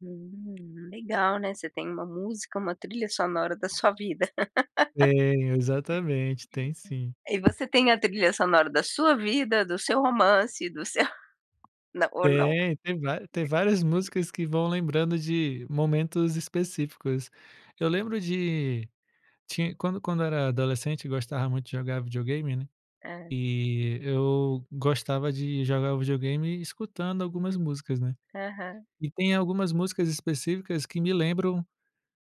Hum, legal, né, você tem uma música, uma trilha sonora da sua vida. Tem, exatamente, tem sim. E você tem a trilha sonora da sua vida, do seu romance, do seu não, ou não? Tem, tem vária tem várias músicas que vão lembrando de momentos específicos. Eu lembro de tinh quando quando eu era adolescente eu gostava muito de jogar videogame né, Hã. e eu gostava de jogar videogame escutando algumas músicas né. Aham. E tem algumas músicas específicas que me lembram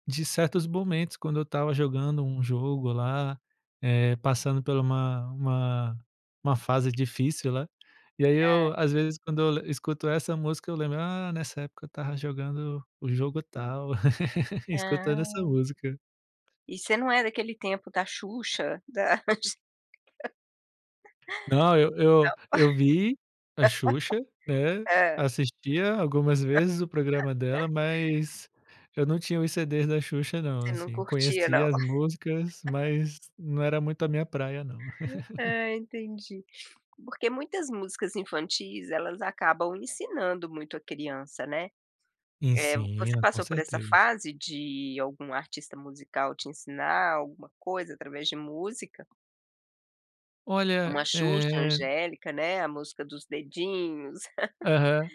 de certos momentos quando eu estava jogando um jogo lá, eh, passando por uma uma uma fase difícil lá, e aí eu, Hã. às vezes, quando eu escuto essa música eu lembro: "Ah, nessa época eu estava jogando o jogo tal, escutando essa Ah. música". E você não é daquele tempo da Xuxa, das Não, eu eu eu vi a Xuxa, né, não, hã. assistia algumas vezes o programa dela, mas eu não tinha os CDs da Xuxa não, Você não assim, curtia não. conhecia as músicas, mas não era muito a minha praia não. Ah entendi. Porque muitas músicas infantis elas acabam ensinando muito a criança, né, eh. Você Ensina, com passou por essa certeza. fase de algum artista musical te ensinar alguma coisa através de música? Uma Olha, Xuxa, eh angélica né, a música dos dedinhos. Aham,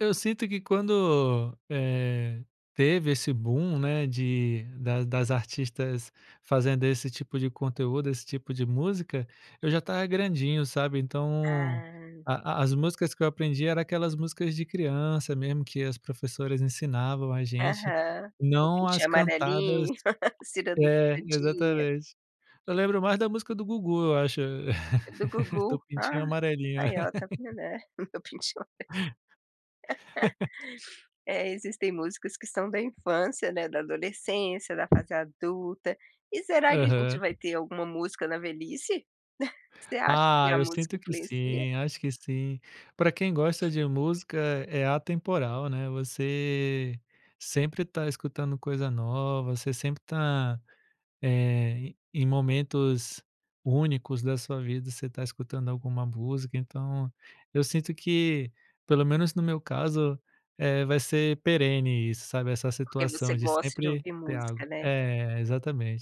eu sinto que quando, eh, teve esse boom, né, de das das artistas fazendo esse tipo de conteúdo, esse tipo de música, eu já estava grandinho sabe, então, Ah. a as músicas que eu aprendi eram aquelas músicas de criança mesmo que as professoras ensinavam a gente, Aham, o meu não as Pintinho cantadas Amarelinho, Ciranda É, Cirandinha. exatamente. Eu lembro mais da música do Gugu, eu acho, É do do Gugu, ah, Pintinho Amarelinho. ai ó tá vendo é o meu Pintinho Amar É existem músicas que são da infância, né, da adolescência, da fase adulta, e será que a gente Aham. vai ter alguma música na velhice? Você acha que Ah, a eu música sinto que influencia? sim, acho que sim. Pra quem gosta de música é atemporal, né, você sempre tá escutando coisa nova, você sempre tá, eh, em momentos únicos da sua vida, você tá escutando alguma música, então eu sinto que, pelo menos no meu caso, eh, vai ser perene isso, sabe, essa Porque você situação de gosta de sempre ouvir ter álgo. música, né. É, exatamente.